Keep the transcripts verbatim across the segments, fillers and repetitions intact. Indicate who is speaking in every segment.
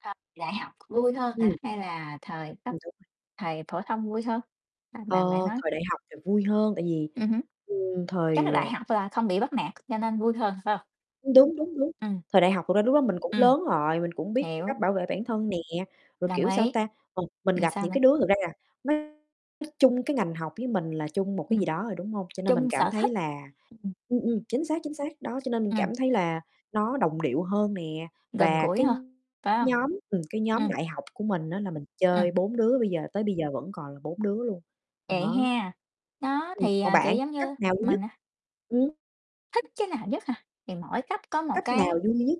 Speaker 1: À, đại học vui hơn hả
Speaker 2: Ừm.
Speaker 1: hay là thời cấp
Speaker 2: Ừm, đúng rồi.
Speaker 1: thời phổ thông vui hơn? A, mà bạn
Speaker 2: Ờ,
Speaker 1: nói
Speaker 2: thời đại học thì vui hơn tại vì,
Speaker 1: Ừm hứm.
Speaker 2: ừm,
Speaker 1: Chắc là
Speaker 2: thời,
Speaker 1: đại
Speaker 2: ờ
Speaker 1: học là không bị bắt nạt cho nên vui hơn, phải hông?
Speaker 2: Đúng, đúng, đúng,
Speaker 1: Ừm.
Speaker 2: thời đại học thực ra lúc đó mình cũng
Speaker 1: Ừm,
Speaker 2: lớn rồi, mình cũng biết cách
Speaker 1: hiểu.
Speaker 2: bảo vệ bản thân nè, rồi,
Speaker 1: Đồng
Speaker 2: kiểu, sao
Speaker 1: ý.
Speaker 2: ta, [unintelligible] mình
Speaker 1: Ừm,
Speaker 2: gặp
Speaker 1: sao
Speaker 2: những
Speaker 1: nữa?
Speaker 2: cái đứa thật ra, à, nó chung cái ngành học với mình là chung một cái
Speaker 1: Ừm.
Speaker 2: gì đó rồi, đúng hông? Cho nên mình
Speaker 1: Chung
Speaker 2: cảm
Speaker 1: sở
Speaker 2: thấy
Speaker 1: thích
Speaker 2: là
Speaker 1: [unintelligible]
Speaker 2: ừm, ừm, chính xác, chính xác, đó, cho nên mình cảm
Speaker 1: Ừm.
Speaker 2: thấy là nó đồng điệu hơn nè,
Speaker 1: Gần
Speaker 2: và
Speaker 1: gũi
Speaker 2: cái
Speaker 1: ha, phải hông?
Speaker 2: nhóm, ừm cái nhóm
Speaker 1: Ừm.
Speaker 2: đại học của mình á, là mình
Speaker 1: Ừm.
Speaker 2: chơi bốn đứa bây giờ tới bây giờ vẫn còn là bốn đứa luôn,
Speaker 1: Vậy
Speaker 2: đó.
Speaker 1: ha, nó,
Speaker 2: Ừm,
Speaker 1: thì,
Speaker 2: còn
Speaker 1: à, kiểu,
Speaker 2: bạn,
Speaker 1: giống
Speaker 2: cấp
Speaker 1: như
Speaker 2: nào vui nhất?
Speaker 1: mình, à
Speaker 2: Ừm.
Speaker 1: thích cái nào nhất hả? Thì mỗi cấp có một
Speaker 2: Cấp nào
Speaker 1: cái
Speaker 2: vui nhất?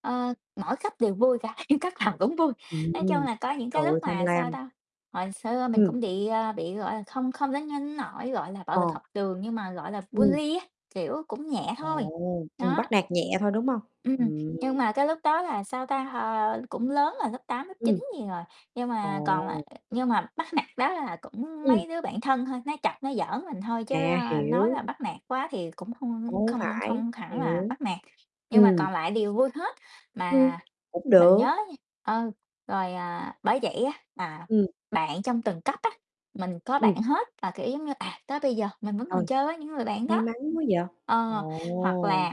Speaker 1: ờ, mỗi cấp đều vui cả, như cấp nào cũng vui, nói chung
Speaker 2: Ừm,
Speaker 1: là có những
Speaker 2: trời
Speaker 1: cái lúc
Speaker 2: ơi, tham
Speaker 1: mà, sao
Speaker 2: lam.
Speaker 1: ta, hồi xưa mình
Speaker 2: Ừm.
Speaker 1: cũng đị, à, bị, gọi là, không không đến nhưng nỗi, gọi là, bạo
Speaker 2: Ờ.
Speaker 1: lực học trường nhưng mà, gọi là,
Speaker 2: Ừm.
Speaker 1: bully á, kiểu, cũng nhẹ thôi,
Speaker 2: Ồ, ừm,
Speaker 1: nó.
Speaker 2: bắt nạt nhẹ thôi, đúng hông?
Speaker 1: Ừm,
Speaker 2: Ừm.
Speaker 1: nhưng mà cái lúc đó là, sao ta, ờ, cũng lớn rồi, lớp tám, lớp
Speaker 2: Ừm.
Speaker 1: chín gì rồi, nhưng mà còn là
Speaker 2: Ồ.
Speaker 1: nhưng mà bắt nạt đó là cũng
Speaker 2: Ừm.
Speaker 1: mấy đứa bạn thân thôi, nó chọc, nó giỡn mình thôi chứ,
Speaker 2: À,
Speaker 1: ơ, nói
Speaker 2: hiểu.
Speaker 1: là bắt nạt quá thì cũng hông, ơ,
Speaker 2: Cũng hổng
Speaker 1: không
Speaker 2: phải,
Speaker 1: không hẳn là
Speaker 2: hiểu.
Speaker 1: bắt nạt, nhưng mà
Speaker 2: Ừm.
Speaker 1: còn lại đều vui hết.
Speaker 2: Ừm,
Speaker 1: Mà
Speaker 2: cũng
Speaker 1: mình nhớ á
Speaker 2: được.
Speaker 1: nha, ơ, rồi, à bởi vậy á, là
Speaker 2: Ừm.
Speaker 1: bạn trong từng cấp á, mình có bạn
Speaker 2: Ừm.
Speaker 1: hết là, kiểu, giống như, à, tới bây giờ mình vẫn còn
Speaker 2: Trời,
Speaker 1: chơi với những người bạn
Speaker 2: may
Speaker 1: đó.
Speaker 2: mắn quá vậy?
Speaker 1: Ờ, hoặc
Speaker 2: Ồ!
Speaker 1: là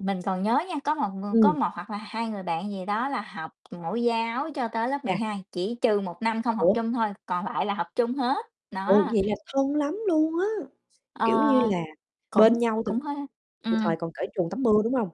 Speaker 1: mình còn nhớ nha, có một người có
Speaker 2: Ừm.
Speaker 1: một hoặc là hai người bạn gì đó là học mẫu giáo cho tới lớp mười
Speaker 2: Chà.
Speaker 1: hai, chỉ trừ một năm không học
Speaker 2: Ủa?
Speaker 1: chung thôi, còn lại là học chung hết,
Speaker 2: Ủa?
Speaker 1: đó.
Speaker 2: Vậy là thân lắm luôn á,
Speaker 1: Ờ,
Speaker 2: kiểu như, là bên
Speaker 1: cũng
Speaker 2: nhau từ
Speaker 1: cũng hơi
Speaker 2: từ
Speaker 1: ừm.
Speaker 2: thời còn cởi truồng tắm mưa, đúng hông?